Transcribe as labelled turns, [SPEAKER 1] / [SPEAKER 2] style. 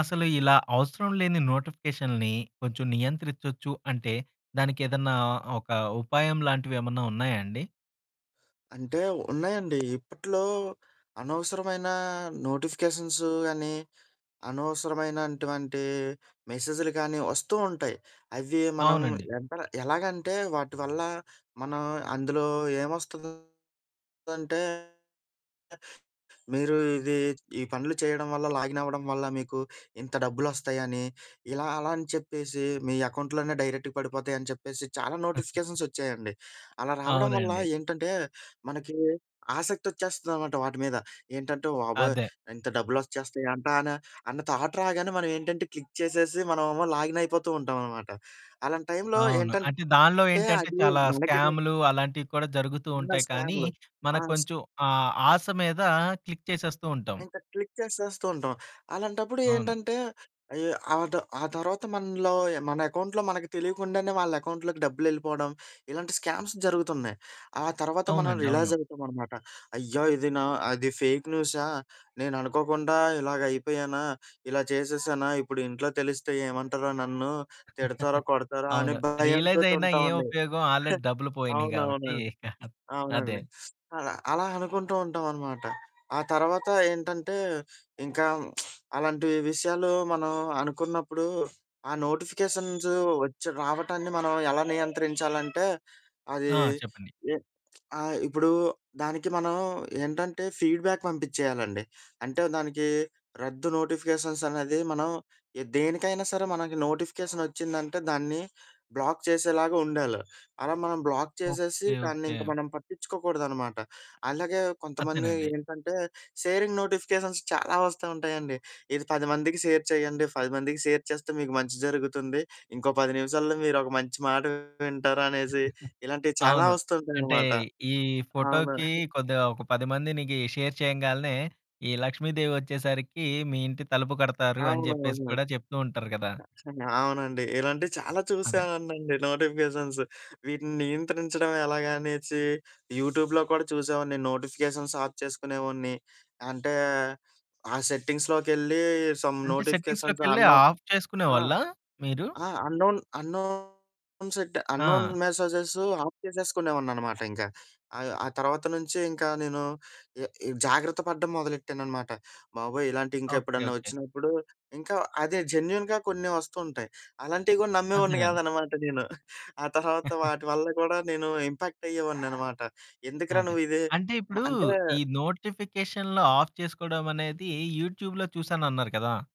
[SPEAKER 1] అసలు ఇలా అవసరం లేని నోటిఫికేషన్‌లని కొంచెం నియంత్రిచ్చొచ్చు అంటే, దానికేదన్నా ఒక ఉపాయం లాంటివేమన్నా ఉన్నాయా అండి?
[SPEAKER 2] అంటే, ఉన్నాయండి. ఇప్పట్లో, అనవసరమైనా నోటిఫికేషన్స్ అనీ, అనవసరమైనటువంటి మెసేజులు గానీ, ఒస్తూ ఉంటాయి. అవి మనం
[SPEAKER 1] అవునండి.
[SPEAKER 2] ఎంతలా ఎలాగంటే, వాటి వల్ల మనం అందులో ఏమొస్తందంటే, మీరు ఇదీ ఈ పనులు చెయ్యడం వల్ల, లాగినవ్వడం వల్ల, మీకు ఇంత డబ్బులొస్తాయని, ఇలా అలా అని చెప్పేసి, మీ ఎకౌంట్‌లోనే డైరెక్ట్‌గా పడిపోతాయని చెప్పేసి, చాలా నోటిఫికేషన్సొచ్చాయండి. అలా రావడం వల్ల
[SPEAKER 1] అవునండి.
[SPEAKER 2] ఏంటంటే, మనకీ ఆసక్తొచ్చేస్తదనమాట వాటి మీద. ఏంటంటే, వాబోయ్!
[SPEAKER 1] అదే.
[SPEAKER 2] ఇంత డబ్బులొచ్చేస్తాయంటాన అన్న థాట్ రాగానే, మనవేంటంటే క్లిక్ చేసేసి, మనమేమో లాగినయిపోతూ ఉంటామనమాట. అలాంటి టైంలో
[SPEAKER 1] అవును. అంటే
[SPEAKER 2] ఏంటంటే
[SPEAKER 1] దానిలో ఏంటంటే,
[SPEAKER 2] అది,
[SPEAKER 1] చాలా
[SPEAKER 2] మనకెటు
[SPEAKER 1] స్కాములు అలాంటియి కూడా జరుగుతూ
[SPEAKER 2] ఇన్నర్
[SPEAKER 1] ఉంటాయి, కానీ
[SPEAKER 2] స్కాములు. ఆ!
[SPEAKER 1] మనకు కొంచెం ఆ ఆశ మీదా క్లిక్ చేసేస్తూ ఉంటాము.
[SPEAKER 2] ఇంక క్లిక్ చేసేస్తూంటాం. అలాంటప్పుడు
[SPEAKER 1] అవును.
[SPEAKER 2] ఏంటంటే, అయ్యో! ఆడో ఆ తర్వాత మనలో యాహ్, మన ఎకౌంట్‌లో మనకి తెలీకుండానే, వాళ్ళెకౌంట్‌లోకి డబ్బులెళ్ళిపోడం, ఇలాంటి స్కామ్స్ జరుగుతున్నాయి. ఆ తర్వాత మనం
[SPEAKER 1] అవునండి. అవును.
[SPEAKER 2] రిలాజవుతామనమాట. అయ్యా! ఇది నా అది ఫేక్ న్యూసా, నేననుకోకుండా ఇలాగయిపోయానా, ఇలా చేసేసానా, ఇప్పుడు ఇంట్లో తెలిస్తే ఏమంటరో నన్ను, తిడతారా, కొడతారా, అనే
[SPEAKER 1] అవును. రియలైజయినా ఏం
[SPEAKER 2] భయంతోటుంటామండి.
[SPEAKER 1] ఉపయోగం! ఆల్రెడీ డబ్బులు పోయినియి గాబట్టీ
[SPEAKER 2] అవునవునండి.
[SPEAKER 1] ఇక అదే.
[SPEAKER 2] అవునండి. అలా, అలా అనుకుంటూ ఉంటావనమాట. ఆ తర్వాతా ఏంటంటే, ఇంకా అలాంటీ విషయాలు మనం అనుకున్నప్పుడూ ఆ నోటిఫికేషన్స్ ఒచ్చి రావటాన్ని మనం ఎలా నియంత్రించాలంటే, అదీ
[SPEAKER 1] ఆ! చెప్పండి.
[SPEAKER 2] ఎ ఆహ్, ఇప్పుడూ దానికి మనం ఏంటంటే, ఫీడ్‌బ్యాక్ పంపిచ్చెయ్యాలండి .అంటే, దానికీ రద్దు నోటిఫికేషన్సనేది మనం ఎ దేనికైనా సరే మనకి నోటిఫికేషనొచ్చిందంటే, దాన్ని బ్లాక్ చేసేలాగా ఉండాలి. అలా మనం బ్లాక్ చేసేసి,
[SPEAKER 1] ఓకే.
[SPEAKER 2] దాన్నింక
[SPEAKER 1] ఓకే.
[SPEAKER 2] మనం పట్టిచ్చుకోకూడదనమాట. అలాగే కొంతమంది
[SPEAKER 1] అత్తేనండి.
[SPEAKER 2] ఏంటంటే, సేరింగ్ నోటిఫికేషన్స్ చాలా వస్తా ఉంటాయండి. ఇది 10 మందికి షేర్ చెయ్యండి, 10 మందికి షేర్ చేస్తే, మీకు మంచి జరుగుతుంది, ఇంకో 10 నిమిషాల్లో మీరొక మంచి మాట వింటారు అనేసి, ఇలాంటియి చాలా
[SPEAKER 1] అవును.
[SPEAKER 2] వస్తూ
[SPEAKER 1] అంటే,
[SPEAKER 2] ఉంటాయనమాట.
[SPEAKER 1] ఈ
[SPEAKER 2] ఆ! మరి
[SPEAKER 1] ఫోటోకి కొద్దిగా ఒక 10 మందినికీ షేర్ చెయ్యంగాలనే, ఈ లక్ష్మీదేవి ఒచ్చేసరికీ, మీ ఇంటి తలుపు కొడతారు అని జెప్పేసి
[SPEAKER 2] అవునవును.
[SPEAKER 1] కూడా జెప్తూ ఉంటారు గదా!
[SPEAKER 2] కచ్చితంగా అవునండి, ఇలాంటియి చాలా
[SPEAKER 1] అదే.
[SPEAKER 2] చూశానండి నోటిఫికేషన్స్. వీటిని నియంత్రించడం ఎలాగా అనేసీ యూట్యూబ్‌లో కూడా చూసేవోడిని, నోటిఫికేషన్స్ ఆఫ్ చేసుకునేవోడిని. అంటే, ఆ సెట్టింగ్స్‌లోకెళ్ళీ, సమ్
[SPEAKER 1] అంటే,
[SPEAKER 2] నోటిఫికేషన్స్
[SPEAKER 1] సెట్టింగ్స్‌లోకెళ్ళే
[SPEAKER 2] అన్‌నోన్
[SPEAKER 1] ఆఫ్
[SPEAKER 2] ఆ!
[SPEAKER 1] చేసుకునేవాళ్ళా మీరు?
[SPEAKER 2] ఆ! అన్‌నోన్ అన్‌నోన్ సెడ్డ, అన్‌నోన్
[SPEAKER 1] ఆ!
[SPEAKER 2] మెసేజెస్ ఆఫ్ చేసేసుకునేవోడిననమాట ఇంక. ఆ యొ ఆ తర్వాత నుంచీ ఇంకా నేను ఎ ఇవ్ జాగ్రత్త పడడం మొదలెట్టాననమాట. బాబోయ్!
[SPEAKER 1] ఓకే.
[SPEAKER 2] ఇలాంటియికెప్పుడన్నా
[SPEAKER 1] ఓకే.
[SPEAKER 2] ఒచ్చినప్పుడు, ఇంకా అదే జెన్యూన్‌గా కొన్ని వస్తుంటయి. అలాంటివి గూడా నమ్మేవోడిని
[SPEAKER 1] అదేనండి.
[SPEAKER 2] గాదనమాట నేను. ఆ తర్వాత వాటి వల్ల గూడా నేను ఇంపాక్టయ్యేవోడిననమాట. ఎందుకురా
[SPEAKER 1] అదే.
[SPEAKER 2] నువ్విదే
[SPEAKER 1] అంటే,
[SPEAKER 2] మ
[SPEAKER 1] ఇప్పుడూ ఈ
[SPEAKER 2] అంటే
[SPEAKER 1] నోటిఫికేషన్‌లో ఆఫ్ చేసుకోడవనేదీ యూట్యూబ్‌లో చూశానన్నారు కదా!